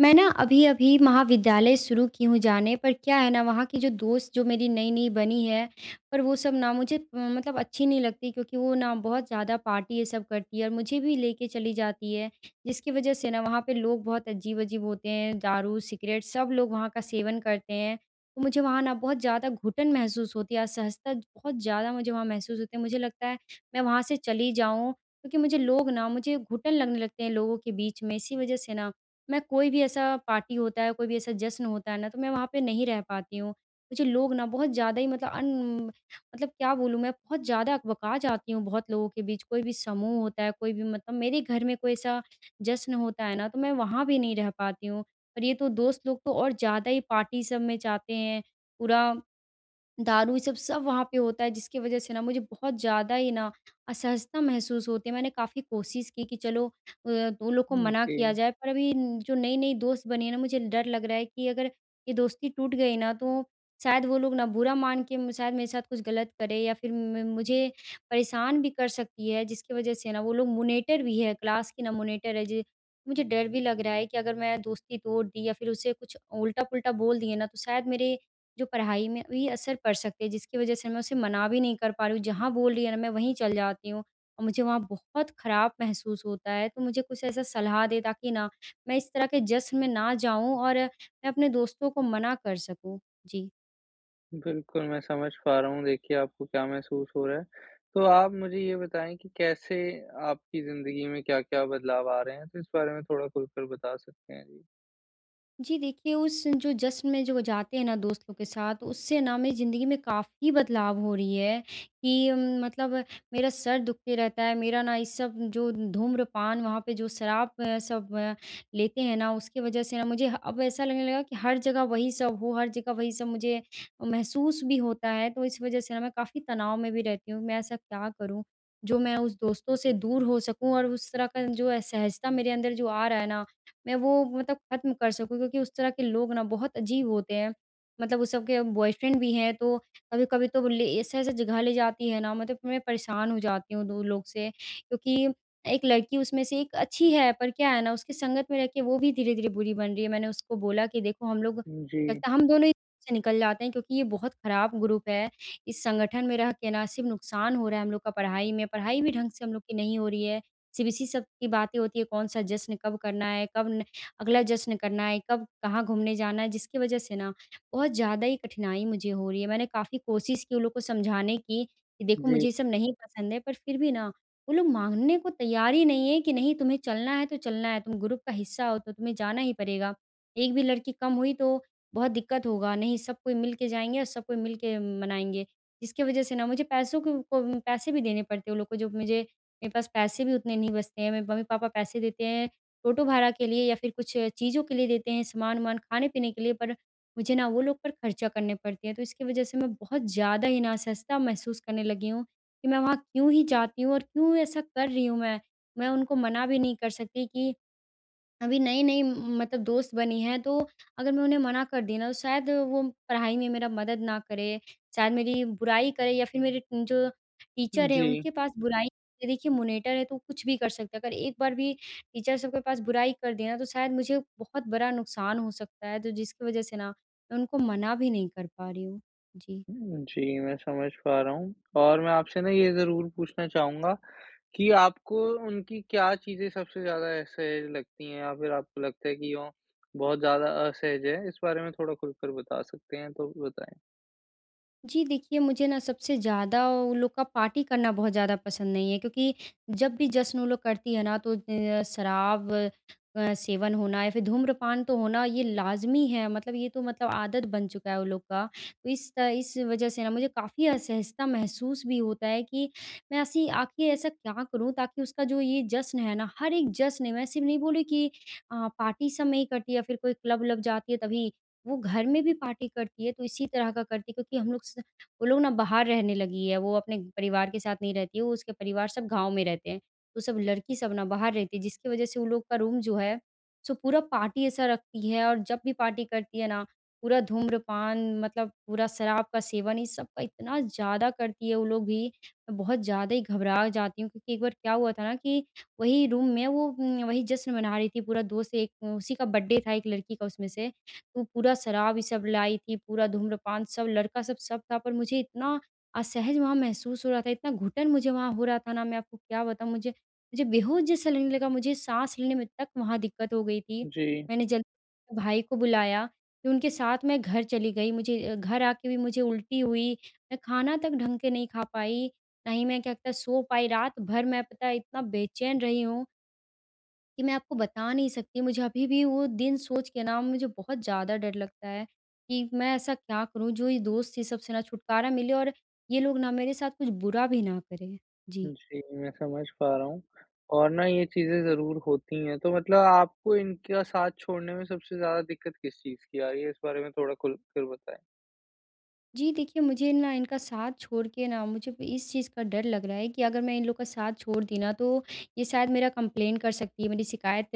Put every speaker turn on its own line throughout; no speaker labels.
मैं ना अभी-अभी महाविद्यालय शुरू की हूँ जाने। पर क्या है ना, वहाँ की जो दोस्त जो मेरी नई-नई बनी है, पर वो सब ना मुझे अ, मतलब अच्छी नहीं लगती क्योंकि वो ना बहुत ज़्यादा पार्टी ये सब करती है और मुझे भी लेके चली जाती है, जिसकी वजह से ना वहाँ पे लोग बहुत अजीब-अजीब होते हैं, दारू, सिगरेट, सब लोग वहाँ का सेवन करते हैं, तो मुझे वहाँ ना बहुत ज़्यादा घुटन महसूस होती है, असहजता ज बहुत ज़्यादा मुझे वहाँ महसूस होती है। मुझे लगता है, मैं वहाँ से चली जाऊँ क्योंकि मुझे लोग ना मुझे घुटन लगने लगते हैं लोगों के बीच में। इसी वजह से ना, मैं कोई भी ऐसा पार्टी होता है, कोई भी ऐसा जश्न होता है ना, तो मैं वहाँ पे नहीं रह पाती हूँ। मुझे लोग ना बहुत ज़्यादा ही मतलब अन म मतलब क्या बोलूँ मैं, बहुत ज़्यादा अकबका जाती हूँ बहुत लोगों के बीच। कोई भी समूह होता है, कोई भी मतलब मेरे घर में कोई ऐसा जश्न होता है ना, तो मैं वहाँ भी नहीं रह पाती हूँ। और ये तो दोस्त लोग तो और ज़्यादा ही पार्टी सब में जाते हैं। पूरा दारू ये सब, सब वहाँ पे होता है जिसकी वजह से ना मुझे बहुत ज़्यादा ही ना असहजता महसूस होती है। मैंने काफ़ी कोशिश की कि चलो अ, दो लोग को
हुँ,
मना
ओके।
किया जाए, पर अभी न जो नई-नई दोस्त बनी है ना, मुझे डर लग रहा है कि अगर ये दोस्ती टूट गई ना, तो शायद वो लोग ना बुरा मान के म शायद मेरे साथ कुछ गलत करे, या फिर म मुझे परेशान भी कर सकती है, जिसकी वजह से ना वो लोग मॉनिटर भी है, क्लास की ना मॉनिटर है। ज मुझे डर भी लग रहा है कि अगर मैं दोस्ती तोड़ दी या फिर उसे कुछ उल्टा-पुल्टा बोल दिए ना, तो शायद मेरे जो पढ़ाई में भी असर पड़ सकता, जिसकी वजह से मैं उसे मना भी नहीं कर पा रही हूँ। जहाँ बोल रही है ना मैं वहीं चल जाती हूँ, और मुझे वहाँ बहुत खराब महसूस होता है। तो मुझे कुछ ऐसा सलाह दें ताकि ना मैं इस तरह के जश्न में ना जाऊँ, और मैं अपने दोस्तों को मना कर सकूँ। जी।
बिल्कुल, मैं समझ पा रहा हूँ देखिए आपको क्या महसूस हो रहा है। तो आप मुझे ये बताएँ कि कैसे आपकी ज़िंदगी में क्या-क्या बदलाव आ रहे हैं? तो इस बारे में थोड़ा खुल कर बता सकते हैं। जी।
जी देखिए, उस जो जश्न में जो वो जाते हैं ना दोस्तों के साथ उससे ना मेरी ज़िंदगी में काफ़ी बदलाव हो रही हैं कि मतलब मेरा सर दुखते रहता है। मेरा ना ये सब जो धूम्रपान वहाँ पे जो शराब सब लेते हैं ना उसकी वजह से ना मुझे ह अब ऐसा लगने लगा कि हर जगह वही सब हो। हर जगह वही सब मुझे महसूस भी होता है तो इस वजह से ना मैं काफ़ी तनाव में भी रहती हूँ। मैं ऐसा क्या करूँ जो मैं उस दोस्तों से दूर हो सकूँ और उस तरह का जो असहजता मेरे अंदर जो आ रहा है ना मैं वो मतलब ख़त्म कर सकूँ। क्योंकि उस तरह के लोग ना बहुत अजीब होते हैं मतलब वो सब के बॉयफ्रेंड भी हैं। तो कभी-कभी तो वो ले ऐसे-ऐसे जगह ले जाती है ना मतलब मैं परेशान हो जाती हूँ 2 लोग से। क्योंकि 1 लड़की उसमें से 1 अच्छी है, पर क्या है ना उसकी संगत में रह के वो भी धीरे-धीरे बुरी बन रही है। मैंने उसको बोला कि देखो हम लोग
हुँ, जी।
लगता है हम दोनों ही [unintelligible] से निकल जाते हैं क्योंकि ये बहुत ख़राब ग्रुप है। इस संगठन में रह के ना सिर्फ़ नुकसान हो रहा है हम लोग का पढ़ाई में, पढ़ाई भी ढंग से हम लोग की नहीं हो रही है। सिर्फ़ इसी सब की बातें होती हैं कौन-सा जश्न कब करना है, कब न अगला जश्न करना है, कब कहाँ घूमने जाना है जिसकी वजह से ना बहुत ज़्यादा ही कठिनाई मुझे हो रही है। मैंने काफ़ी कोशिश की उन लोग को समझाने की कि देखो
जी।
मुझे ये सब नहीं पसंद है पर फ़िर भी ना वो लोग मानने को तैयार ही नहीं हैं कि नहीं तुम्हें चलना है तो चलना है। तुम ग्रुप का हिस्सा हो तो तुम्हें जाना ही पड़ेगा। 1 भी लड़की कम हुई तो बहुत दिक़्क़त होगा नहीं सब कोई मिल के जाएँगे और सब कोई मिल के मनाएँगे। जिसकी वजह से ना मुझे पैसों को पैसे भी देने पड़ते हैं वो लोग को जो मुझे मेरे पास पैसे भी उतने नहीं बचते हैं। मेरे मम्मी-पापा पैसे देते हैं ऑटो भाड़ा के लिए या फ़िर कुछ चीज़ों के लिए देते हैं सामान-वामान खाने-पीने के लिए पर मुझे ना वो लोग पर ख़र्चा करने पड़ते हैं। तो इसकी वजह से मैं बहुत ज़्यादा ही ना असहजता महसूस करने लगी हूँ। कि मैं वहाँ क्यों ही जाती हूँ और क्यों ऐसा कर रही हूँ मैं? मैं उनको मना भी नहीं कर सकती कि अभी नई-नई मतलब दोस्त बनी हैं तो अगर मैं उन्हें मना कर दी ना तो शायद वो पढ़ाई में मेरा मदद ना करें शायद मेरी बुराई करे या फ़िर मेरे जो
उम,
टीचर हैं
जी।
उनके पास बुराई देखिए, मॉनिटर है तो कुछ भी कर सकते हैं। अगर एक बार भी टीचर सब के पास बुराई कर दे ना तो शायद मुझे बहुत बड़ा नुकसान हो सकता है। तो जिसकी वजह से ना मैं उनको मना भी नहीं कर पा रही हूँ। जी।
उम, जी। मैं समझ पा रहा हूँ। और मैं आपसे ना ये ज़रूर पूछना चाहूँगा कि आपको उनकी क्या चीज़ें सबसे ज़्यादा असहज लगती हैं? या फ़िर आपको लगता है कि वो बहुत ज़्यादा असहज हैं? इस बारे में थोड़ा खुल कर बता सकते हैं तो भी बताएँ।
जी, देखिए मुझे ना सबसे ज़्यादा उन लोग का पार्टी करना बहुत ज़्यादा पसंद नहीं है। क्योंकि जब भी जश्न वो लोग करती है ना तो अ, शराब अ, सेवन होना या फिर धूम्रपान तो होना ये लाज़मी है मतलब ये तो मतलब आदत बन चुका है वो लोग का। तो इस इस वज़ह से ना मुझे काफ़ी असहजता महसूस भी होता है। कि मैं ऐसी आख़िर ऐसा क्या करूँ ताकि उसका जो ये जश्न है ना, हर एक जश्न है मैं सिर्फ़ नहीं बोली कि अ, पार्टी सब में ही करती है या फिर कोई क्लब-व्लब जाती है तभी। वो घर में भी पार्टी करती है तो इसी तरह का करती है। क्योंकि हम लोग स वो लोग ना बाहर रहने लगी है। वो अपने परिवार के साथ नहीं रहती है, वो उसके परिवार सब गाँव में रहते हैं। तो सब लड़की सब ना बाहर रहती है। जिसकी वज़ह से वो लोग का रूम जो है सो पूरा पार्टी ऐसा रखती है और जब भी पार्टी करती है ना, पूरा धूम्रपान मतलब पूरा शराब का सेवन ये सब का इतना ज़्यादा करती है वो लोग भी, मैं बहुत ज़्यादा ही घबरा जाती हूँ। क्योंकि एक बार क्या हुआ था ना कि वही रूम में वो उम, वही जश्न मना रही थी पूरा दोस्त एक उसी का बर्थडे था 1 लड़की का उसमें से। तो पूरा शराब ये सब लाई थी, पूरा धूम्रपान, सब लड़का सब, सब था। पर मुझे इतना असहज वहाँ महसूस हो रहा था, इतना घुटन मुझे वहाँ हो रहा था ना मैं आपको क्या बताऊँ? मुझे मुझे बेहोश जैसा लगने लगा। मुझे साँस लेने में तक वहाँ दिक्कत हो गई थी।
जी।
मैंने जल्दी भाई को बुलाया। फिर उनके साथ मैं घर चली गई। मुझे अ, घर आके भी मुझे उल्टी हुई। मैं खाना तक ढंग के नहीं खा पाई, ना ही मैं क्या कहते सो पाई। रात भर मैं पता है इतना बेचैन रही हूँ। कि मैं आपको बता नहीं सकती मुझे अभी भी वो दिन सोच के ना मुझे बहुत ज़्यादा डर लगता है। कि मैं ऐसा क्या करूँ जो ये दोस्त ये सबसे ना छुटकारा मिले और ये लोग ना मेरे साथ कुछ बुरा भी ना करें? जी।
जी, मैं समझ पा रहा हूँ। और ना ये चीज़ें ज़रूर होती है, तो मतलब आपको इनका साथ छोड़ने में सबसे ज़्यादा दिक़्क़त किस चीज़ की आ रही है? इस बारे में थोड़ा खुल कर बताएँ।
जी देखिए, मुझे ना इनका साथ छोड़ के ना, मुझे अब इस चीज़ का डर लग रहा है कि अगर मैं इन लोगों का साथ छोड़ दी ना तो ये शायद मेरा कंप्लेन कर सकती हैं मेरी शिकायत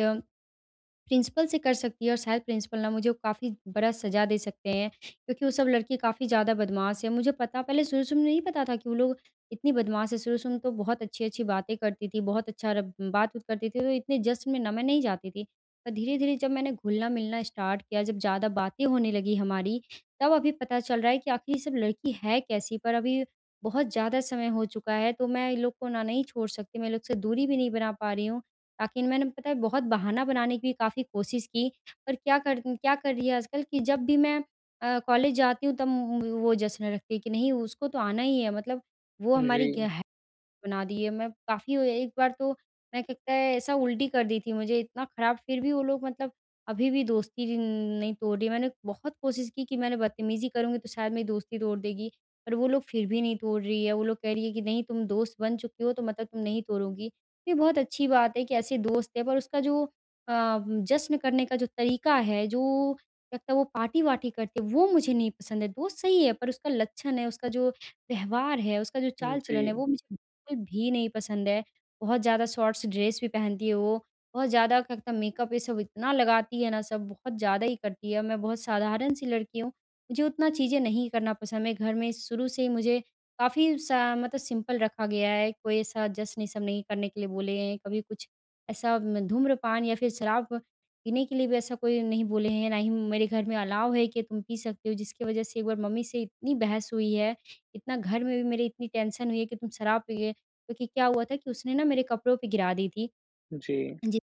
प्रिंसिपल से कर सकती हैं और शायद प्रिंसिपल ना मुझे काफ़ी बड़ा सज़ा दे सकते हैं। क्योंकि वो सब लड़के काफ़ी ज़्यादा बदमाश है। मुझे पता पहले शुरू-शुरू में नहीं पता था कि वो लोग इतनी बदमाश हैं शुरू-शुरू में तो बहुत अच्छी-अच्छी बातें करती थी बहुत अच्छा र बात-वूत करती थी तो इतने जश्न में ना मैं नहीं जाती थी। पर धीरे-धीरे जब मैंने घुलना-मिलना स्टार्ट किया जब ज़्यादा बातें होने लगी हमारी, तब अभी पता चल रहा है कि आख़िर ये सब लड़की है कैसी। पर अभी बहुत ज़्यादा समय हो चुका है तो मैं इन लोग को ना नहीं छोड़ सकती मैं इन लोग से दूरी भी नहीं बना पा रही हूँ। बाकी मैंने पता है बहुत बहाना बनाने की भी काफ़ी कोशिश की पर क्या कर क्या कर रही है आजकल कि जब भी मैं अ, कॉलेज जाती हूँ तब उम उम, वो जश्न रखती है कि नहीं उसको तो आना ही है मतलब वो
हुँ,
हमारी
जी।
गेह बना दिए मैं काफ़ी अ, एक बार तो मैं के कै ऐसा उल्टी कर दी थी मुझे इतना ख़राब फ़िर भी वो लोग मतलब अभी-भी दोस्ती जिन नहीं तोड़ रही मैंने। बहुत कोशिश की कि मैंने बदतमीजी करूँगी तो शायद मेरी दोस्ती तोड़ देगी। पर वो लोग फ़िर भी नहीं तोड़ रही हैं वो लोग कह रही हैं कि नहीं तुम दोस्त बन चुकी हो तो मतलब तुम नहीं तोड़ोगी। ये बहुत अच्छी बात है कि ऐसे दोस्त है पर उसका जो अ, जश्न करने का जो तरीका है जो लगता है वो पार्टी-वार्टी करती है वो मुझे नहीं पसंद है दोस्त सही हैं पर उसका लक्षण है उसका जो व्यवहार है उसका जो
हुँ,
चाल-चलन है
जी।
वो मुझे बिल्कुल भी नहीं पसंद है। बहुत ज़्यादा शॉर्ट्स ड्रेस भी पहनती है वो, बहुत ज़्यादा क्या कहता मेकअप ये सब इतना लगाती है ना सब बहुत ज़्यादा ही करती है। मैं बहुत साधारण-सी लड़की हूँ मुझे उतना चीज़ें नहीं करना पसंद। मे घर में शुरू से ही मुझे काफ़ी सा मतलब सिंपल रखा गया है कोई ऐसा जश्न ये सब नहीं करने के लिए बोले हैं। कभी कुछ, ऐसा म धूम्रपान या फ़िर शराब पीने के लिए भी ऐसा कोई नहीं बोले हैं ना ही मेरे घर में अलाउ है कि तुम पी सकते हो। जिसकी वजह से एक बार मम्मी से इतनी बहस हुई है इतना घर में भी मेरी इतनी टेंशन हुई है कि तुम शराब पिए। क्योंकि क्या हुआ था कि उसने ना मेरे कपड़ों पर गिरा दी थी,
जी।
जी।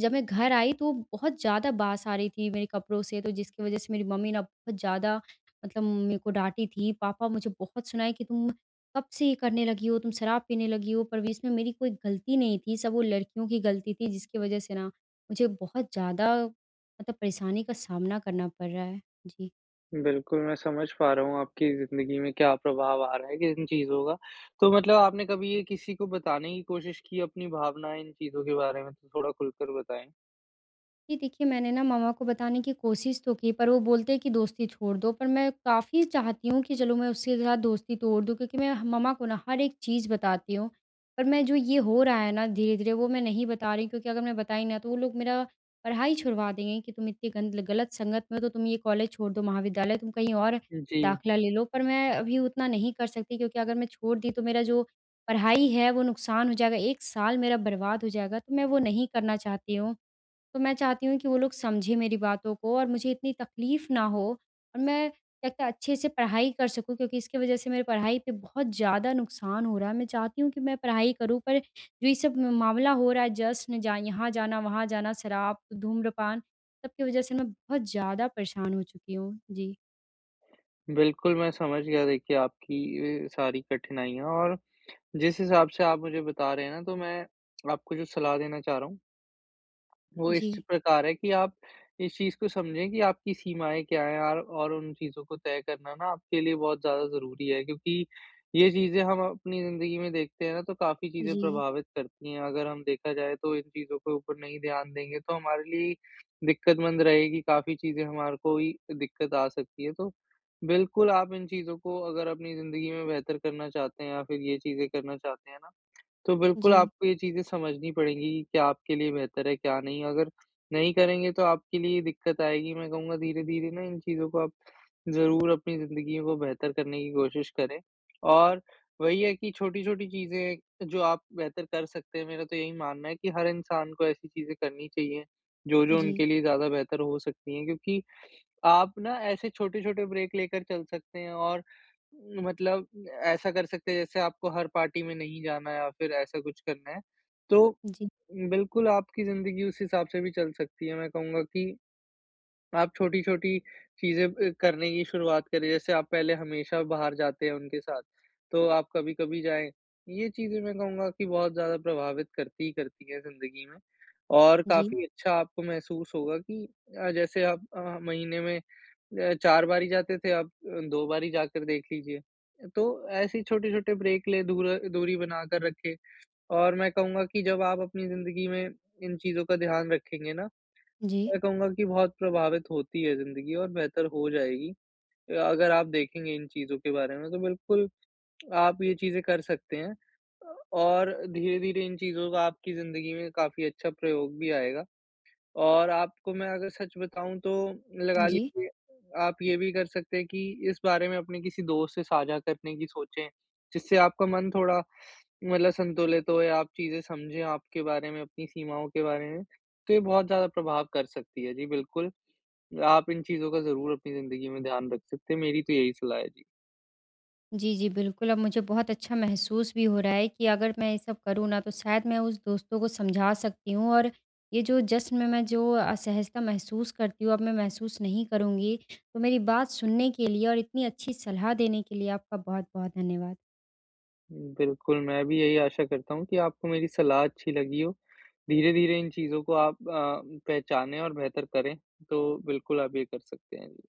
जब मैं घर आई तो बहुत ज़्यादा बास आ रही थी मेरे कपड़ों से तो जिसकी वजह से मेरी मम्मी ना बहुत ज़्यादा मतलब मेरे को डाँटी थी पापा मुझे बहुत सुनाए कि तुम कब से ये करने लगी हो? तुम शराब पीने लगी हो पर भी इसमें मेरी कोई गलती नहीं थी सब वो लड़कियों की गलती थी जिसकी वजह से ना मुझे बहुत ज़्यादा मतलब परेशानी का सामना करना पड़ रहा है। जी।
बिल्कुल, मैं समझ पा रहा हूँ आपकी जिंदगी में क्या प्रभाव आ रहा है इन चीज़ों का। तो मतलब आपने कभी ये किसी को बताने की कोशिश की, अपनी भावना इन चीज़ों के बारे में? थोड़ा खुलकर बताएँ।
जी देखिए, मैंने ना मम्मा को बताने की कोशिश तो की, पर वो बोलते हैं कि दोस्ती छोड़ दो। पर मैं काफ़ी चाहती हूँ कि चलो मैं उसके साथ दोस्ती तोड़ दूँ क्योंकि मैं ह मम्मा को ना हर एक चीज बताती हूँ। पर मैं जो ये हो रहा है ना धीरे-धीरे वो मैं नहीं बता रही क्योंकि अगर मैं बताई ना, तो वो लोग मेरा पढ़ाई छुड़वा देंगे कि, "तुम इतनी गंद ल गलत संगत में हो तो तुम ये कॉलेज छोड़ दो, महाविद्यालय तुम कहीं और
जी।
दाखिला ले लो।" पर मैं अभी उतना नहीं कर सकती क्योंकि अगर मैं छोड़ दी, तो मेरा जो पढ़ाई है वो नुकसान हो जाएगा, 1 साल मेरा बर्बाद हो जाएगा, तो मैं वो नहीं करना चाहती हूँ। तो मैं चाहती हूँ कि वो लोग समझें मेरी बातों को और मुझे इतनी तकलीफ ना हो। और मैं जाके अच्छे-से पढ़ाई कर सकूँ क्योंकि इसके वज़ह से मेरी पढ़ाई पे बहुत ज़्यादा नुकसान हो रहा है। मैं चाहती हूँ कि मैं पढ़ाई करूँ, पर जो ये सब म मामला हो रहा है, जश्न जा यहाँ जाना वहाँ जाना, शराब, धूम्रपान, सब की वज़ह से मैं बहुत ज़्यादा परेशान हो चुकी हूँ। जी।
बिल्कुल, मैं समझ गया देखिए आपकी ये सारी कठिनाइयाँ और जिस हिसाब से आप मुझे बता रहे हैं ना तो मैं आपको जो सलाह देना चाह रहा हूँ वो इस
जी।
प्रकार है कि आप इस चीज़ को समझें कि आपकी सीमाएँ क्या है आर और उन चीज़ों को तय करना ना आपके लिए बहुत ज़्यादा ज़रूरी है। क्योंकि ये चीज़ें हम अपनी ज़िन्दगी में देखते हैं ना तो काफ़ी चीज़ें
जी।
प्रभावित करती है। अगर हम देखा जाए तो इन चीज़ों के ऊपर नहीं ध्यान देंगे तो हमारे लिए दिक्कत मंद रहेगी। काफ़ी चीज़ें हमारे को ही दिक्कत आ सकती है। तो बिल्कुल, आप इन चीजों को अगर अपनी जिंदगी में बेहतर करना चाहते हैं या फिर ये चीज़ें करना चाहते हैं ना तो बिल्कुल
जी।
आपको ये चीज़ें समझनी पड़ेगी, क्या आपके लिए बेहतर है, क्या नहीं। अगर नहीं करेंगे तो आपके लिए दिक्कत आएगी। मैं कहूँगा धीरे-धीरे ना इन चीज़ों को आप ज़रूर अपनी ज़िन्दगी को बेहतर करने की कोशिश करें। और वही है कि छोटी-छोटी चीज़ें जो आप बेहतर कर सकते हैं मेरा तो यही मानना है कि हर इंसान को ऐसी चीज़ें करनी चाहिए, जो-जो
जी।
उनके लिए ज़्यादा बेहतर हो सकती है क्योंकि, आप ना ऐसे छोटे-छोटे ब्रेक लेकर चल सकते हैं। और मतलब ऐसा कर सकते हैं जैसे आपको हर पार्टी में नहीं जाना हैं या फिर ऐसा कुछ करना हैं। तो,
जी।
बिल्कुल आपकी ज़िन्दगी उस हिसाब से भी चल सकती हैं। मैं कहूँगा कि, आप छोटी-छोटी चीजें अ, करने की शुरुआत करें। जैसे आप पहले हमेशा बाहर जाते हैं उनके साथ तो आप कभी-कभी जाएँ। ये चीजें मैं कहूँगा कि बहुत ज़्यादा प्रभावित करती ही करती है जिंदगी में। और
जी
काफ़ी अच्छा आपको महसूस होगा कि अ, जैसे आप अ, महीने में अ, 4 बारी जाते थे आप 2 बारी जाकर देख लीजिए। तो ऐसे छोटे-छोटे ब्रेक ले दूर दूरी बनाकर रखे। और मैं कहूँगा की जब आप अपनी जिंदगी में इन चीज़ों का ध्यान रखेंगे ना,
जी।
मैं कहूँगा कि बहुत प्रभावित होती है ज़िन्दगी और बेहतर हो जाएगी। अ अगर आप देखेंगे इन चीज़ों के बारे में तो बिल्कुल आप ये चीज़ें कर सकते हैं। अ और धीरे-धीरे इन चीज़ों का आपकी ज़िन्दगी में काफ़ी अच्छा प्रयोग भी आएगा। और आपको मैं अगर सच बताऊँ तो लगा
जी।
लीजिए आप ये भी कर सकते हैं कि इस बारे में अपने किसी दोस्त से साझा करने की सोचें जिससे आपका मन थोड़ा मतलब संतुलित हो। या आप चीज़ें समझे आपके बारे में, अपनी सीमाओं के बारे में, तो ये बहुत ज़्यादा प्रभाव कर सकती है। जी, बिल्कुल। आप इन चीज़ों का ज़रूर अपनी ज़िन्दगी में ध्यान रख सकते हैं। मेरी तो यही सलाह है। जी।
जी जी, बिल्कुल। अब मुझे बहुत अच्छा महसूस भी हो रहा है कि अगर मैं ये सब करूँ ना तो शायद मैं उस दोस्तों को समझा सकती हूँ और ये जो जश्न में मैं जो असहजता महसूस करती हूँ अब मैं महसूस नहीं करूँगी। तो मेरी बात सुनने के लिए और इतनी अच्छी सलाह देने के लिए आपका बहुत-बहुत धन्यवाद।
बिल्कुल। मैं भी यही आशा करता हूँ कि आपको मेरी सलाह अच्छी लगी हो। धीरे-धीरे इन चीज़ों को आप अ, पहचाने और बेहतर करें। तो बिल्कुल आप ये कर सकते हैं, जी।